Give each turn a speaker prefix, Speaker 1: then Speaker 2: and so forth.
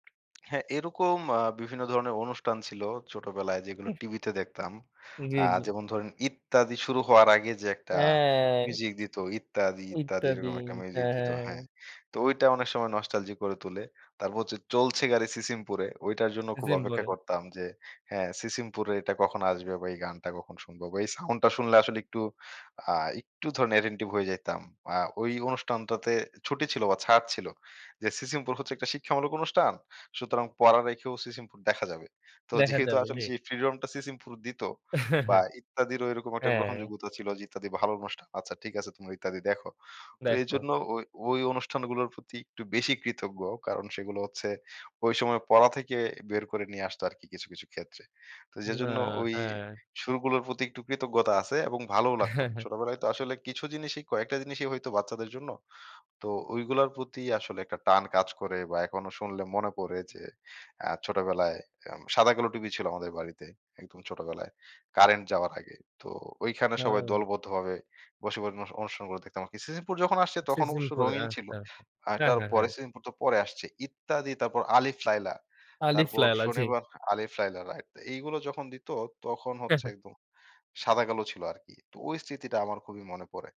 Speaker 1: হ্যাঁ, এরকম আ বিভিন্ন ধরনের অনুষ্ঠান ছিল। ছোটবেলায় যেগুলো
Speaker 2: উফ।
Speaker 1: টিভিতে দেখতাম।
Speaker 2: জি,
Speaker 1: আ
Speaker 2: জি।
Speaker 1: যেমন ধরেন "ইত্যাদি" শুরু হওয়ার আগে যে একটা
Speaker 2: হ্যাঁ
Speaker 1: মিউজিক দিত, "ইত্যাদি, ইত্যাদি,"
Speaker 2: "ইত্যাদি"
Speaker 1: এরকম একটা মিউজিক
Speaker 2: হ্যাঁ,
Speaker 1: দিত,
Speaker 2: হ্যাঁ,
Speaker 1: হ্যাঁ,
Speaker 2: হ্যাঁ।
Speaker 1: তো ওই টা অনেক সময় নস্টালজিক করে তোলে। তারপর হচ্ছে "চলছে গাড়ি সিসিমপুরে" ওইটার জন্য খুব অপেক্ষা
Speaker 2: সিসিমপুরে।
Speaker 1: করতাম যে, হ্যাঁ, সিসিমপুরে এটা কখন আসবে বা এই গানটা কখন শুনব বা এই সাউন্ডটা শুনলে আসলে একটু আ একটু ধরেন অ্যাটেনটিভ হয়ে যাইতাম। আ ওই অনুষ্ঠানটাতে ছুটি ছিল বা ছাড় ছিল যে "সিসিমপুর" হচ্ছে একটা শিক্ষামূলক অনুষ্ঠান সুতরাং পড়া রেখেও "সিসিমপুর" দেখা যাবে। তো
Speaker 2: দেখা
Speaker 1: যেহেতু
Speaker 2: যাবে
Speaker 1: আসলে
Speaker 2: জি।
Speaker 1: সেই ফ্রিডমটা "সিসিমপুর" দিত বা "ইত্যাদি"র ওইরকম একটা
Speaker 2: হ্যাঁ, হ্যাঁ।
Speaker 1: গ্রহণযোগ্যতা ছিল। যে ইত্যাদি ভালো অনুষ্ঠান আচ্ছা ঠিক আছে তোমরা "ইত্যাদি" দেখো। তো
Speaker 2: দেখো।
Speaker 1: এজন্য ওই, ওই, অনুষ্ঠানগুলোর প্রতি একটু বেশি কৃতজ্ঞ। কারণ সেগুলো হচ্ছে ওই সময় পড়া থেকে বের করে নিয়ে আসতো আরকি কিছু, কিছু, ক্ষেত্রে। তো
Speaker 2: না,
Speaker 1: যেজন্য ওই
Speaker 2: হ্যাঁ।
Speaker 1: সুরগুলোর প্রতি একটু কৃতজ্ঞতা আছে এবং ভালোও লাগত
Speaker 2: হ্যাঁ, হ্যাঁ
Speaker 1: ছোটবেলায় তো আসলে কিছু জিনিসই কয়েকটা জিনিসই হয়তো বাচ্চাদের জন্য। তো ওই গুলার প্রতি আসলে একটা টান কাজ করে বা এখনো শুনলে মনে পড়ে যে আ ছোটবেলায় উম সাদা কালো টিভি ছিল আমাদের বাড়িতে একদম ছোটবেলায় কারেন্ট যাওয়ার আগে। তো ঐখানে সবাই
Speaker 2: না।
Speaker 1: দলবদ্ধভাবে বসে, [unintelligible] অনুষ্ঠান গুলো দেখতাম। সিসিমপুর যখন আসছে তখন
Speaker 2: সিজন
Speaker 1: অবশ্য
Speaker 2: পরে,
Speaker 1: রঙিন ছিল।
Speaker 2: আচ্ছা,
Speaker 1: আর
Speaker 2: হ্যাঁ, হ্যাঁ,
Speaker 1: তারপরে
Speaker 2: হ্যাঁ।
Speaker 1: "সিসিমপুর" তো পরে আসছে "ইত্যাদি" তারপর আলিফ লায়লা।
Speaker 2: "আলিফ
Speaker 1: তারপর
Speaker 2: লায়ালা", জি।
Speaker 1: শনিবার "আলিফ লায়লা" রাইট, তো এইগুলো যখন দিত তখন
Speaker 2: হ্যাঁ,
Speaker 1: হচ্ছে
Speaker 2: হ্যাঁ।
Speaker 1: একদম সাদা-কালো ছিল আরকি তো ওই স্মৃতিটা আমার খুবই মনে পড়ে।